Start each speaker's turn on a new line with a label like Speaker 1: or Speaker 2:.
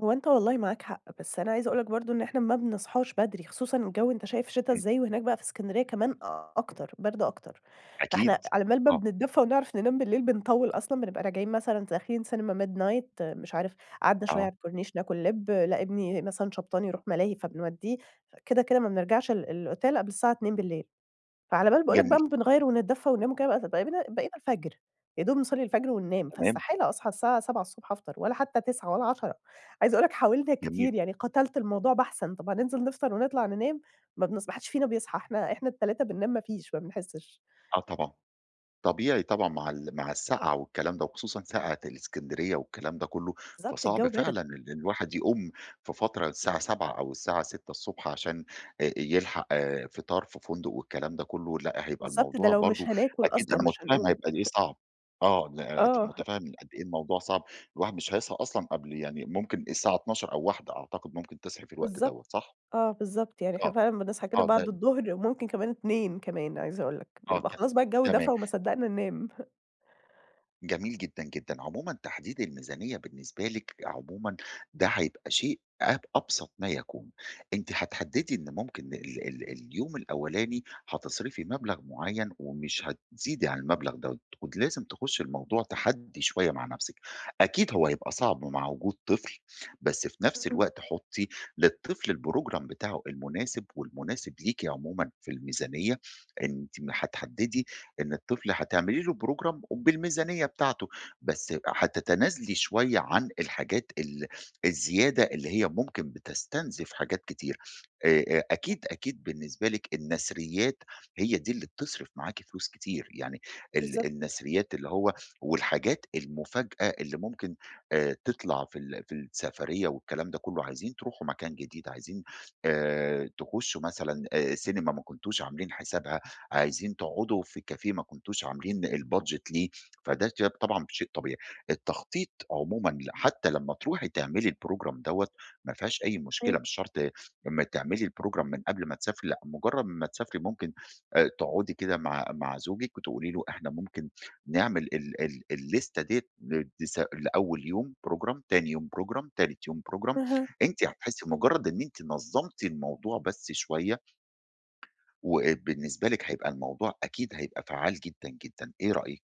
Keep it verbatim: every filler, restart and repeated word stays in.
Speaker 1: هو أنت والله معاك حق، بس أنا عايزة أقول لك برضو إن إحنا ما بنصاحش بدري، خصوصًا الجو أنت شايف شتا
Speaker 2: إمم.
Speaker 1: إزاي وهناك بقى في الإسكندرية كمان أكتر، برد أكتر. فإحنا
Speaker 2: أكيد،
Speaker 1: على بال ما
Speaker 2: آه.
Speaker 1: بنتدفى ونعرف ننام بالليل بنطول أصلًا، بنبقى راجعين مثلًا داخلين سينما midnight مش عارف قعدنا شويّة
Speaker 2: آه.
Speaker 1: على الكورنيش ناكل لب، لأ، إبني مثلًا شبطان يروح ملاهي فبنوديه. كده، كده، ما بنرجعش ال الأوتيل، قبل الساعة اتنين بالليل فعلى بال باقول لك
Speaker 2: جميل.
Speaker 1: بقى ما بنغير ونتدفى وننام وكده بتت بقينا بقينا الفجر يا دوب نصلي الفجر وننام،
Speaker 2: تمام.
Speaker 1: فاستحالة أصحى الساعة سبعة الصبح الصبح أفطر ولا حتّى تسعة ولا عشرة. عايزة أقول لك حاولنا
Speaker 2: جميل.
Speaker 1: كتير يعني قتلت الموضوع بحثًا. طب هننزل نفطر ونطلع ننام؟ ما بنص ما حدش فينا بيصحى، إحنا إحنا التلاتة بننام ما فيش، ما بنحسش.
Speaker 2: آه، طبعًا. طبيعي طبعًا مع ال مع السقعة والكلام ده وخصوصًا سقعة الإسكندرية والكلام ده كلّه،
Speaker 1: بالضبط،
Speaker 2: فصعب
Speaker 1: الجو برد.
Speaker 2: فعلًا إن الواحد يقوم في فترة الساعة سبعة أو الساعة ستة الصبح عشان يلحق آآ فطار في فندق والكلام ده كلّه. لأ، هيبقى
Speaker 1: بالضبط، ده
Speaker 2: الموضوع
Speaker 1: لو
Speaker 2: برضو
Speaker 1: مش هناكل
Speaker 2: أكيد
Speaker 1: أصلًا
Speaker 2: أنا
Speaker 1: مش
Speaker 2: متفهم
Speaker 1: هنقوم.
Speaker 2: هيبقى قد إيه صعب. آه
Speaker 1: آه،.
Speaker 2: متفهم قد إيه الموضوع صعب. الواحد مش هيصحى أصلًا قبل يعني ممكن الساعة اتناشر أو واحدة أعتقد، ممكن تصحي في الوقت دوّة،
Speaker 1: بالضبط.
Speaker 2: صح؟
Speaker 1: آه، بالضبط يعني إحنا
Speaker 2: آه،
Speaker 1: فعلًا بنصحى كده
Speaker 2: آه ب
Speaker 1: بعد الضهر، ممكن كمان اتنين كمان عايزة أقول لك،
Speaker 2: آه،
Speaker 1: بنبقى
Speaker 2: ك
Speaker 1: خلاص بقى الجو
Speaker 2: تمام.
Speaker 1: دفا وما صدقنا ننام.
Speaker 2: جميل جدًا، جدًا. عمومًا تحديد الميزانيّة بالنسبة لِك عمومًا ده حيبقى شيء أب أبسط ما يكون. أنتِ حتحددي إن ممكن ال ال اليوم الأولاني حتصرفي مبلغ معيّن ومش هتزيدي عن المبلغ دوّة، ود لازم تخشي الموضوع تحدّي شويّة مع نفسِك. أكيد هو هيبقى صعب مع وجود طفل، بس في نفس
Speaker 1: إمم.
Speaker 2: الوقت حطي للطفل الprogram بتاعه المناسب والمناسب ليكِ عمومًا في الميزانيّة. أنتِ ما حتحددي إن الطفل حتعملي له program وبالميزانيّة بتاعته بس حتتنازلي شويّة عن الحاجات ال الزيادة اللي هي ممكن بتستنزف حاجات كتيرة. آآ أ
Speaker 1: [unintelligible]
Speaker 2: أكيد، أكيد بالنسبة لكِ النثريات هي دي اللي بتصرّف معاكِ فلوس كتير، يعني ال
Speaker 1: بالضبط.
Speaker 2: النثريات اللي هو والحاجات المفاجأة اللي ممكن آآ، تطلع في ال في السفرية والكلام ده كلّه. عايزين تروحوا مكان جديد، عايزين آآ تخشوا مثلًا آآ، سينما ما كنتوش عاملين حسابها، عايزين تقعدوا في كافيه ما كنتوش عاملين الbudget ليه فده [unintelligible] طبعًا شيء طبيعي. التخطيط عمومًا حتّى لمّا تروحي تعملي الprogram دوّة مفيهاش أي مشكلة،
Speaker 1: إمم.
Speaker 2: مش شرط لمّا تعملي الprogram من قبل ما تسافري. لأ مجرّد ما تسافري ممكن آآ تقعدي كده مع مع زوجك وتقولي له، إحنا ممكن نعمل ال ال الليستة ديّة، لدس لأول يوم program، تاني يوم program، تالت يوم program.
Speaker 1: أها.
Speaker 2: أنتِ حتحسي مجرّد إن أنتِ نظمتِ الموضوع بس شوية وبالنسبة لكِ هيبقى الموضوع أكيد هيبقى فعال جدًا جدًا، إيه رأيك؟